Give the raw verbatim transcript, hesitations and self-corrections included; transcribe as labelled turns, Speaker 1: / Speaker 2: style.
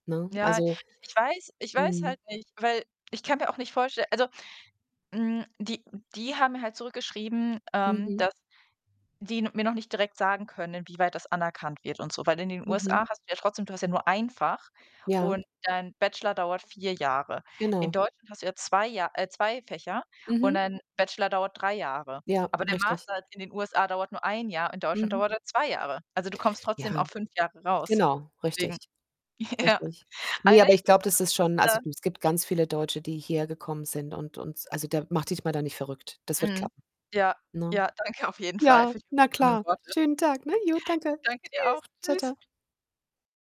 Speaker 1: Ne?
Speaker 2: Ja,
Speaker 1: Also
Speaker 2: ich weiß ich weiß
Speaker 1: Mhm.
Speaker 2: halt nicht, weil ich kann mir auch nicht vorstell also, hm, die die haben mir halt zurückgeschrieben, ähm,
Speaker 1: Mhm.
Speaker 2: dass die n mir noch nicht direkt sagen können, inwieweit das anerkannt wird und so. Weil in den
Speaker 1: Mhm.
Speaker 2: USA hast du ja trotzdem du hast ja nur ein Fach
Speaker 1: Ja.
Speaker 2: und dein Bachelor dauert vier Jahre. In
Speaker 1: Genau.
Speaker 2: Deutschland hast du ja zwei Ja äh, zwei Fächer und
Speaker 1: Mhm.
Speaker 2: dein Bachelor dauert drei Jahre.
Speaker 1: Ja,
Speaker 2: Aber der
Speaker 1: richtig.
Speaker 2: Master in den USA dauert nur ein Jahr, in Deutschland
Speaker 1: Mhm.
Speaker 2: dauert er zwei Jahre. Also du kommst trotzdem
Speaker 1: Ja,
Speaker 2: auf fünf Jahre raus.
Speaker 1: genau, richtig.
Speaker 2: Deswegen, ja..
Speaker 1: Richtig. Ne, aber ich glaube, das ist schon also
Speaker 2: [unintelligible]
Speaker 1: du, es gibt ganz viele Deutsche, die hierher gekommen sind und und also da mach dich mal da nicht verrückt. Das wird
Speaker 2: Mhm.
Speaker 1: klappen,
Speaker 2: Ja,
Speaker 1: ne?
Speaker 2: ja, danke auf jeden Fall
Speaker 1: Ja,
Speaker 2: für die
Speaker 1: na
Speaker 2: aufmunternden
Speaker 1: klar.
Speaker 2: Worte.
Speaker 1: Schönen Tag, ne? Jo, danke.
Speaker 2: Danke, dir
Speaker 1: Tschüss.
Speaker 2: auch.
Speaker 1: Tschau,
Speaker 2: Tschüss.
Speaker 1: tschau.